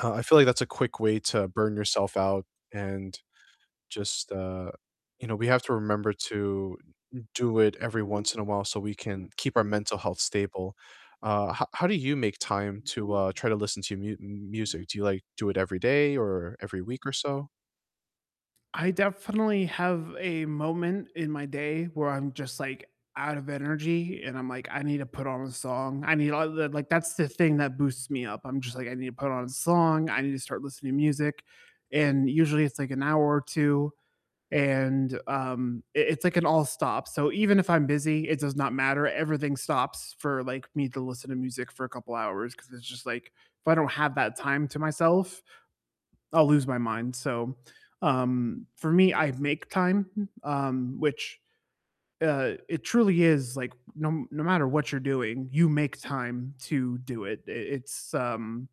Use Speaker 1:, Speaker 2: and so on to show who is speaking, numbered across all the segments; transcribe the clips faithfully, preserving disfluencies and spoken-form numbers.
Speaker 1: Uh, I feel like that's a quick way to burn yourself out and just, uh, you know, we have to remember to do it every once in a while so we can keep our mental health stable, uh, how how do you make time to, uh, try to listen to mu music? Do you, like, do it every day or every week or so?
Speaker 2: I definitely have a moment in my day where I'm just, like, out of energy and I'm like, "I need to put on a song, I need all the" like, that's the thing that boosts me up, I'm just like, "I need to put on a song, I need to start listening to music," and usually it's, like, an hour or two and, um, it it's like an all-stop, so, even if I'm busy, it does not matter, everything stops for, like, me to listen to music for a couple hours 'cause it's just like if I don't have that time to myself, I'll lose my mind, so, um, for me, I make time, um, which, uh, it truly is, like, no m no matter what you're doing, you make time to do it, i it's, um,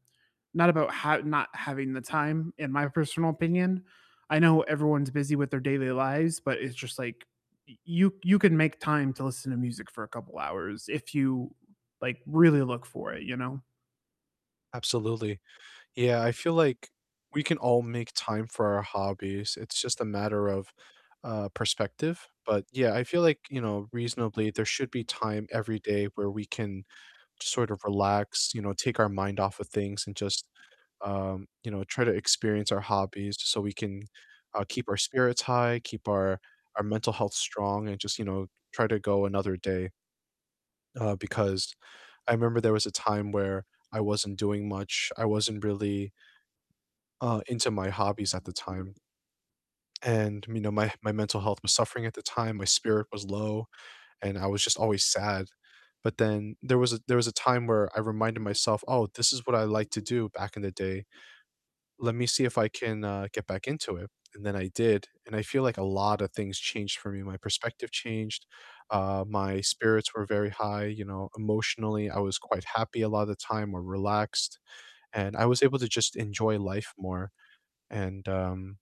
Speaker 2: not about ha not having the time in my personal opinion, I know everyone's busy with their daily lives, but it's just like y you you can make time to listen to music for a couple hours if you, like, really look for it, you know?
Speaker 1: Absolutely, yeah, I feel like we can all make time for our hobbies, it's just a matter of, uh, perspective, but yeah, I feel like, you know, reasonably there should be time every day where we can sort of relax, you know, take our mind off of things and just, um, you know, try to experience our hobbies just so we can, uh, keep our spirits high, keep our our mental health strong, and just, you know, try to go another day. Uh, because I remember there was a time where I wasn't doing much, I wasn't really uh, into my hobbies at the time. And, me know, my h my mental health was suffering at the time, my spirit was low, and I was just always sad, but then there was a there was a time where I reminded myself, "Oh, this is what I liked to do back in the day, let me see if I can, uh, get back into it," and then I did, and I feel like a lot of things changed for me, my perspective changed, uh, my spirits were very high, you know, emotionally, I was quite happy a lot of the time or relaxed, and I was able to just enjoy life more and, um,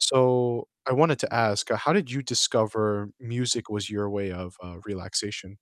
Speaker 1: so I wanted to ask, how did you discover music was your way of, uh, relaxation?